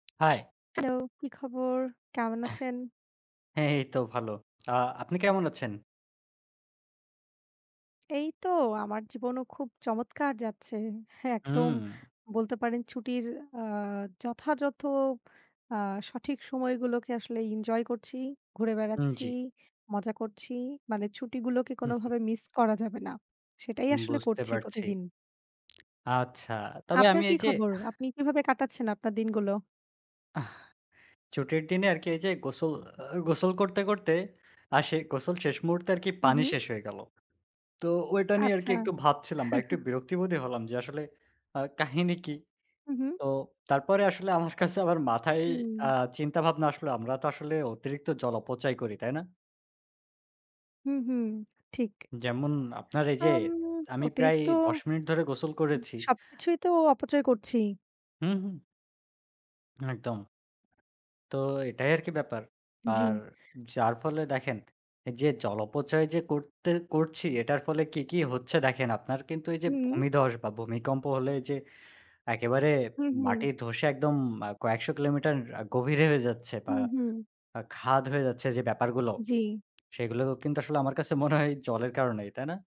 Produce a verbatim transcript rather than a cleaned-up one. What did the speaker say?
High. Hello, কি খবর? কেমন আছেন? হ্যাঁ, এই তো ভালো। আ আপনি কেমন আছেন? এই তো আমার জীবনও খুব চমৎকার যাচ্ছে। একদম হুম। বলতে পারেন ছুটির আ যথাযথ আ সঠিক সময়গুলোকে আসলে ইনজয় করছি, ঘুরে উম বেড়াচ্ছি, জি। মজা করছি। মানে ছুটিগুলোকে কোনভাবে মিস করা যাবে না। সেটাই উম আসলে বুঝতে করছি পারছি। প্রতিদিন। আচ্ছা। তবে আপনার আমি কি এই যে খবর? আপনি কীভাবে কাটাচ্ছেন আপনার দিনগুলো? আহ, ছুটির দিনে আরকি এই যে গোসল আ গোসল করতে, করতে আর সেই গোসল শেষ মুহূর্তে আরকি পানি উহুম। শেষ হয়ে গেলো। তো ওটা নিয়ে আরকি আচ্ছা। একটু ভাবছিলাম বা একটু বিরক্তিবোধই হলাম। যে আসলে আ কাহিনী কি? উহুম। তো তারপরে আসলে আমার কাছে আবার মাথায় আ হুম। চিন্তা ভাবনা আসলে আমরা তো আসলে অতিরিক্ত জল অপচয় করি, তাই না? হুম, হুম। ঠিক। যেমন, আপনার এই যে আম আমি প্রায় অতিরিক্ত দশ মিনিট ধরে গোসল করেছি। সবকিছুই তো অপচয় করছি। হি, হুম। একদম। তো এটাই আরকি ব্যাপার। আর জি। যার ফলে দেখেন যে জল অপচয় যে করতে করছি এটার ফলে কি, কি হচ্ছে দেখেন। আপনার কিন্তু এই যে হুম। ভূমিধ্বস বা ভূমিকম্প হলে যে একেবারে হুম, হুম। মাটি ধসে একদম আ কয়েকশো কিলোমিটার আ গভীরে হয়ে যাচ্ছে বা হুম, হুম। আ খাদ হয়ে যাচ্ছে যে ব্যাপারগুলো, জি। সেগুলো কিন্তু আসলে আমার কাছে মনে হয় জলের কারণেই, তাই না?